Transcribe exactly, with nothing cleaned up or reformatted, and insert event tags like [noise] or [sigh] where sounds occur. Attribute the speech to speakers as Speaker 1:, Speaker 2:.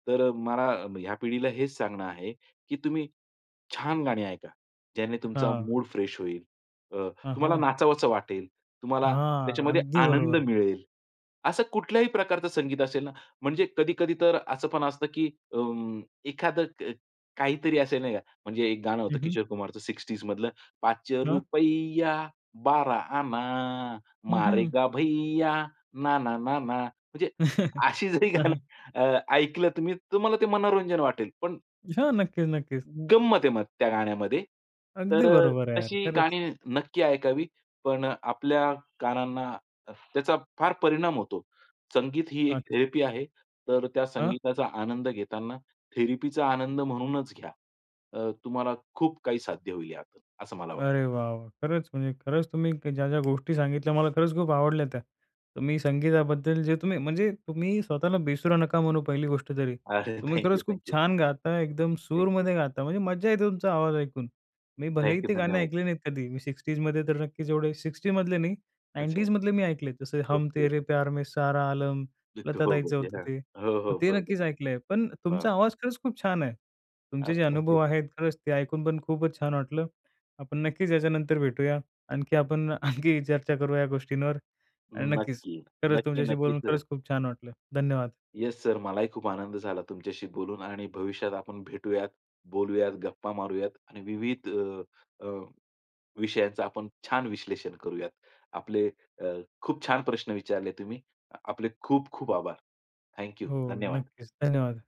Speaker 1: तर अ, मला म ह्या पिढीला हेच सांगणं आहे, की तुम्ही छान गाणी ऐका. ज्याने तुमचा
Speaker 2: हां.
Speaker 1: मूड फ्रेश होईल. अ,
Speaker 2: अ,
Speaker 1: तुम्हाला
Speaker 2: हां.
Speaker 1: नाचावसं वाटेल, तुम्हाला
Speaker 2: हां,
Speaker 1: त्याच्यामध्ये
Speaker 2: अगदी
Speaker 1: आनंद
Speaker 2: बरोबर.
Speaker 1: मिळेल. असं कुठल्याही प्रकारचं संगीत असेल ना म्हणजे कधी-कधी तर असं पण असतं की उम्म, एखादं क काहीतरी असेल, नाही का म्हणजे एक गाणं
Speaker 2: हं,
Speaker 1: होतं
Speaker 2: हं.
Speaker 1: किशोर कुमारचं सिक्स्टीज मधलं पाच
Speaker 2: हां.
Speaker 1: रुपय्या, बारा आना,
Speaker 2: हं, हं.
Speaker 1: मारेगा भैया, ना, ना, ना, ना म्हणजे
Speaker 2: [chuckles]
Speaker 1: अशी जरी
Speaker 2: अ,
Speaker 1: गाणं
Speaker 2: हं.
Speaker 1: अ, ऐकलं तुम्ही तुम्हाला ते मनोरंजन वाटेल. पण
Speaker 2: हां, नक्कीच, नक्कीच.
Speaker 1: गंमत आहे मग त्या गाण्यामध्ये. तर
Speaker 2: अगदी बरोबर आहे यार,
Speaker 1: तशी
Speaker 2: खरंच.
Speaker 1: गाणी नक्की ऐकावी, पण आपल्या कानांना त्याचा फार परिणाम होतो. संगीत ही एक
Speaker 2: अच्छा.
Speaker 1: थेरपी आहे. तर, त्या
Speaker 2: हां.
Speaker 1: संगीताचा आनंद घेताना थेरपी आनंद म्हणूनच घ्या. अ, तुम्हाला खूप काही साध्य होईल यात, असं मला वाटत.
Speaker 2: अरे वाह! वाह! खरंच, म्हणजे खरंच क तुम्ही ज्या-ज्या गोष्टी सांगितल्या मला खरंच खूप आवडल्या त्या. तर मी संगीताबद्दल जे तुम्ही म्हणजे तुम्ही स्वतःला बेसुरा नका म्हणू पहिली गोष्ट तरी.
Speaker 1: अरे,
Speaker 2: तुम्ही
Speaker 1: थँक यू.
Speaker 2: खरंच
Speaker 1: थँक
Speaker 2: खूप
Speaker 1: यू.
Speaker 2: छान गाता, एकदम
Speaker 1: थँक यू.
Speaker 2: सुरमध्ये गाता, म्हणजे मज्जा येते तुमचा आवाज ऐकून. मी भलेही
Speaker 1: थँक यू.
Speaker 2: ते गाणं
Speaker 1: धन्यवाद!
Speaker 2: ऐकले नाहीत कधी, मी सिक्सटीजमध्ये तर नक्कीच एवढे सिक्सटीमधले नाही,
Speaker 1: अच्छा.
Speaker 2: नाईंटीजमधले मी ऐकलेत. जसे, हम
Speaker 1: ओके,
Speaker 2: तेरे
Speaker 1: ओके
Speaker 2: प्यार में सारा आलम,
Speaker 1: [unintelligible]
Speaker 2: लता
Speaker 1: हो,
Speaker 2: ताईचं होतं ते. मग
Speaker 1: हो.
Speaker 2: ते
Speaker 1: बरोबर
Speaker 2: नक्कीच ऐकलंय. पण
Speaker 1: आहे. हां.
Speaker 2: तुमचा आवाज खरंच खूप छान आहे.
Speaker 1: ओ.
Speaker 2: तुमचे जे
Speaker 1: थँक
Speaker 2: अनुभव
Speaker 1: यू.
Speaker 2: आहेत, खरंच ते ऐकून पण खूपच छान वाटलं. आपण नक्कीच याच्यानंतर भेटूया. आणखी आपण आणखी ही चर्चा करूया या गोष्टींवर आणि नक्कीच
Speaker 1: नक्की.
Speaker 2: खरंच
Speaker 1: नक्की,
Speaker 2: तुमच्याशी
Speaker 1: नक्की
Speaker 2: बोलून,
Speaker 1: सर.
Speaker 2: खरंच खूप छान वाटलं. धन्यवाद!
Speaker 1: Yes sir. मलाही खूप आनंद झाला तुमच्याशी बोलून आणि भविष्यात आपण भेटूयात, बोलूयात, गप्पा मारूयात आणि विविध अ, अ, विषयांचं आपण छान विश्लेषण करूयात. आपले अ, खूप छान प्रश्न विचारले तुम्ही. आपले खूप-खूप आभार! Thank you.
Speaker 2: हो,
Speaker 1: धन्यवाद!
Speaker 2: नक्कीच. धन्यवाद!